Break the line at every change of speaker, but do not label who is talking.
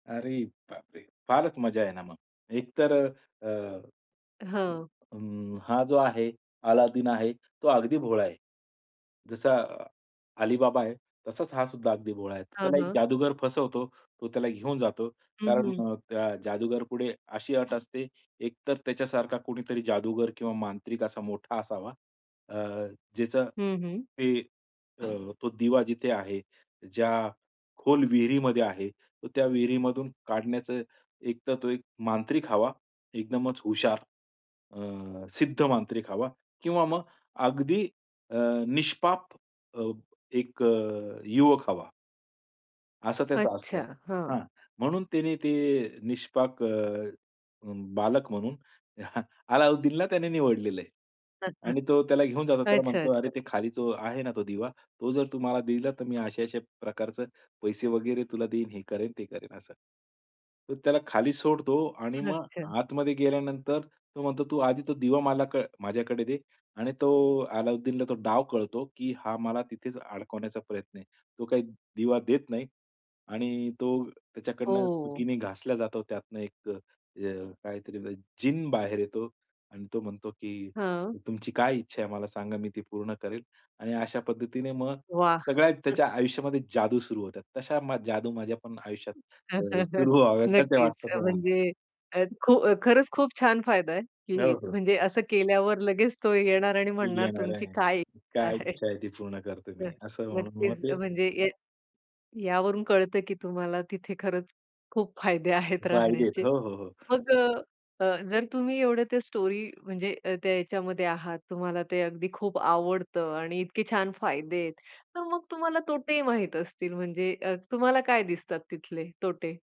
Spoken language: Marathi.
अरे बापरे! फारच मजा आहे ना मग, एकतर अ, अ,
हां.
अं, हा जो आहे अलादीन आहे, तो अगदी भोळा आहे. जसा अलीबाबा आहे, तसाच हा सुद्धा अगदी भोळा आहे.
हां,
त्याला एक
हां.
जादूगर फसवतो तो त्याला घेऊन जातो.
हं,
कारण
हं.
अ, त्या जादूगर पुढे अशी अट असते. एकतर त्याच्यासारखा कुणीतरी जादूगर किंवा मांत्रिक असा मोठा असावा. अ, ज्याचं
हं, हं.
ते अ, तो दिवा जिथे आहे. ज्या खोल विहिरीमध्ये आहे. तर त्या विहिरीमधून काढण्याचं एकतर तो एक मांत्रिक हवा, एकदमच हुशार. अ, सिद्ध मांत्रिक हवा किंवा मग अगदी अ, निष्पाप अ, एक अ, युवक हवा. असं त्याचं असतं.
अच्छा. हां.
हां, म्हणून तिने ते निष्पाक अ, बालक म्हणून अलाउद्दीनला त्याने निवडलेलं आहे आणि तो त्याला घेऊन जातो, त्याला म्हणतो, "अरे
अच्च्छा-अच्छा.
ते खाली जो आहे ना, तो दिवा, तो जर तू मला दिला तर मी अशा-अशा प्रकारचे पैसे वगैरे तुला देईन, हे करेन, ते करेन," असं. तर त्याला खाली सोडतो आणि मग
अच्छा.
आतमध्ये गेल्यानंतर तो म्हणतो, "तू आधी तो दिवा मला क माझ्याकडे दे" आणि तो अलाउद्दीनला तो डाव कळतो की हा मला तिथेच अडकवण्याचा प्रयत्न आहे. तो काही दिवा देत नाही आणि तो त्याच्याकडून चुकीने
ओह!
घासला जातो. त्यातनं एक अ, अ, काहीतरी जीन बाहेर येतो आणि तो म्हणतो की
हां.
"तुमची काय इच्छा आहे मला सांगा, मी ती पूर्ण करेल" आणि अशा पद्धतीने मग
वाह!
सगळ्या त्याच्या आयुष्यामध्ये जादू सुरू होतात. तशा मा जादू माझ्या पण आयुष्यात अ, सुरू व्हाव्यात असं
नक्कीच अ,
वाटतं मला.
म्हणजे अ, खू खरंच खूप छान फायदा आहे
हो,
की
हो.
म्हणजे असं केल्यावर लगेच तो येणार आणि
ते
म्हणणार
येणार
तुमची
आहे,
काय इच्छा
काय
आहे.
इच्छा आहे, ती पूर्ण करतो
हां,
मी असं म्हणून मग
नक्कीच अ,
ते
म्हणजे या यावरून कळतं की तुम्हाला तिथे खरंच खूप फायदे आहेत
फायदे आहेत.
राहण्याचे.
हो, हो, हो.
मग अ, अ, जर तुम्ही एवढं ते स्टोरी म्हणजे अ, त्या याच्यामध्ये आहात तुम्हाला ते अगदी खूप आवडतं आणि इतके छान फायदे आहेत, तर मग तुम्हाला तोटे माहीत असतील म्हणजे अ, तुम्हाला काय दिसतात तिथले तोटे?